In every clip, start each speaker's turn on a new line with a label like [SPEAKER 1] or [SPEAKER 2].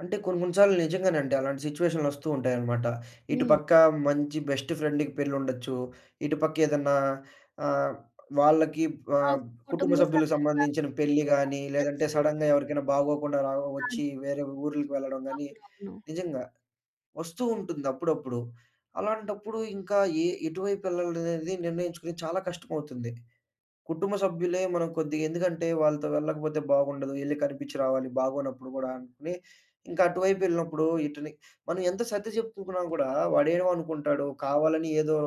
[SPEAKER 1] అంటే కొన్ని కొన్ని సార్లు నిజంగానండి. అలాంటి సిట్యుయేషన్‌‌లొస్తూ ఉంటాయనమాట. ఇటు
[SPEAKER 2] హ్మ్.
[SPEAKER 1] పక్క మంచి బెస్ట్ ఫ్రెండ్‌కి పెళ్లుండొచ్చు. ఇటు పక్క ఏదన్నా ఆహ్, వాళ్ళకి
[SPEAKER 2] ఆ!
[SPEAKER 1] ఆహ్, కుటుంబ
[SPEAKER 2] కుటుంబ
[SPEAKER 1] సభ్యులకి
[SPEAKER 2] సభ్యులు దాక
[SPEAKER 1] సంబంధించిన
[SPEAKER 2] పెళ్ళికి
[SPEAKER 1] పెళ్లి
[SPEAKER 2] కూడా
[SPEAKER 1] గాని లేదంటే
[SPEAKER 2] ఎళ్ళొచ్చు.
[SPEAKER 1] సడెన్‌గా ఎవరికైనా బాగోకుండా రా ఒచ్చి
[SPEAKER 2] ఆది.
[SPEAKER 1] వేరే ఊర్లికి వెళ్లడం గాని
[SPEAKER 2] అవునవును.
[SPEAKER 1] నిజంగా. ఒస్తూ ఉంటుంది అప్పుడప్పుడు. అలాంటప్పుడు ఇంకా యే ఎటువైపెళ్ళాలనేది నిర్ణయించుకొని చాలా కష్టమవుతుంది. కుటుంబ సభ్యులే మనకు కొద్దిగా ఎందుకంటే వాళ్ళతో వెళ్ళకపోతే బాగుండదు. యెళ్లి కనిపించి రావాలి. బాగోనప్పుడు గూడా అని ఇంకా అటు వైపెళ్ళినప్పుడు ఇటుని మనం ఎంత సర్ది జెప్పుకున్నా కూడా వాడేమనుకుంటాడు కావాలని ఏదో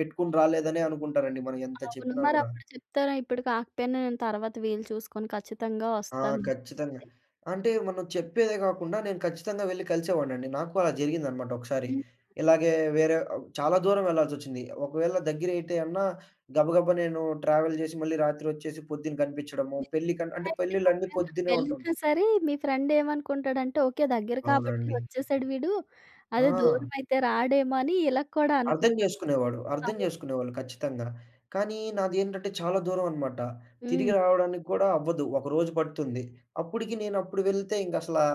[SPEAKER 1] పెట్టుకొని రాలేదనే అనుకుంటారండి మనం ఎంత
[SPEAKER 2] అవును.
[SPEAKER 1] చెప్పినా గూడా.
[SPEAKER 2] మరప్పుడు చెప్తారా? ఇప్పుడు కాకపోయినా నేను తర్వాత వీలు చూసుకొని ఖచ్చితంగా
[SPEAKER 1] ఆ!
[SPEAKER 2] ఒస్తాను అని
[SPEAKER 1] ఖచ్చితంగా.
[SPEAKER 2] చెప్పి.
[SPEAKER 1] అంటే మనం చెప్పేదే గాకుండా నేను ఖచ్చితంగా వెళ్లి కలిసేవాడినండి. నాకు అలా జరిగిందనమాట ఒకసారి.
[SPEAKER 2] హ్మ్.
[SPEAKER 1] ఇలాగే వేరే ఆహ్, చాలా దూరం వెళ్లాల్సొచ్చింది. ఒకవేళ దగ్గరైతే అన్నా గబగబా నేను ట్రావెల్ జేసి, మళ్ళీ రాత్రొచ్చేసి పొద్దున్న కనిపించడము
[SPEAKER 2] మీకు
[SPEAKER 1] పెళ్లిక
[SPEAKER 2] దగ్గరే
[SPEAKER 1] అంటే
[SPEAKER 2] అయితే
[SPEAKER 1] పెళ్లిళ్లన్నీ
[SPEAKER 2] ఒకవేళ
[SPEAKER 1] పొద్దున్నే
[SPEAKER 2] వెళ్ళినా
[SPEAKER 1] ఉంటుంటాయి.
[SPEAKER 2] సరే మీ ఫ్రెండ్ ఏమనుకుంటాడంటే, ఓకే. దగ్గర కాబట్టి
[SPEAKER 1] అవునండి.
[SPEAKER 2] ఒచ్చేసాడు వీడు. అదే
[SPEAKER 1] ఆ!
[SPEAKER 2] దూరమైతే రాడేమో! అనీ ఇలా కూడా
[SPEAKER 1] అర్థం
[SPEAKER 2] అనుకుంటాడు.
[SPEAKER 1] జేసుకునేవాడు. అర్థం
[SPEAKER 2] అవును.
[SPEAKER 1] జేసుకునేవాళ్ళు ఖచ్చితంగా. కానీ నాదేంటంటే చాలా దూరం అనమాట. తిరిగి
[SPEAKER 2] హ్మ్.
[SPEAKER 1] రావడానికి కూడా అవ్వదు. ఒక రోజు పడుతుంది. అప్పటికి నేనప్పుడు వెళ్తే ఇంగసలా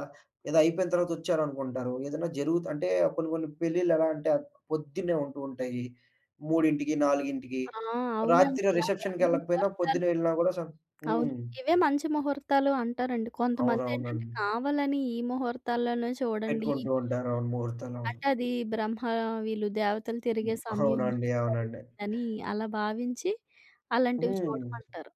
[SPEAKER 1] ఏదో అయిపోయిన తర్వాత ఒచ్చారనుకుంటారు. ఏదైనా జరుగుతు అంటే కొన్ని కొన్ని పెళ్లిళ్ళెలా అంటే పొద్దున్నే ఉంటూ ఉంటాయి. 3కి, 4కి
[SPEAKER 2] ఆ!
[SPEAKER 1] రాత్రి
[SPEAKER 2] అవునండి. ఆ బ్రహ్మ
[SPEAKER 1] రిసెప్షన్‌కెళ్ళకపోయినా పొద్దున్న
[SPEAKER 2] ముహూర్తాలు
[SPEAKER 1] వెళ్ళినా గూడా సం
[SPEAKER 2] అవును.
[SPEAKER 1] హ్మ్.
[SPEAKER 2] ఇవే మంచి ముహూర్తాలు అంటారండి. కొంతమందేంటంటే
[SPEAKER 1] అవునవునండి.
[SPEAKER 2] కావాలని ఈ ముహూర్తాలల్లోన్నే చూడండి ఈ
[SPEAKER 1] పెట్టుకుంటూ ఉంటారు.
[SPEAKER 2] ముహూర్తాలు.
[SPEAKER 1] అవును. ముహూర్తాలవును.
[SPEAKER 2] అంటే అది బ్రహ్మ వీళ్ళు దేవతలు తిరిగే
[SPEAKER 1] హ్మ్.
[SPEAKER 2] సమయం
[SPEAKER 1] అవునండి.
[SPEAKER 2] అంటారు
[SPEAKER 1] అవునండి.
[SPEAKER 2] అని అలా భావించి అలాంటివి
[SPEAKER 1] హ్మ్.
[SPEAKER 2] చూడమంటారు.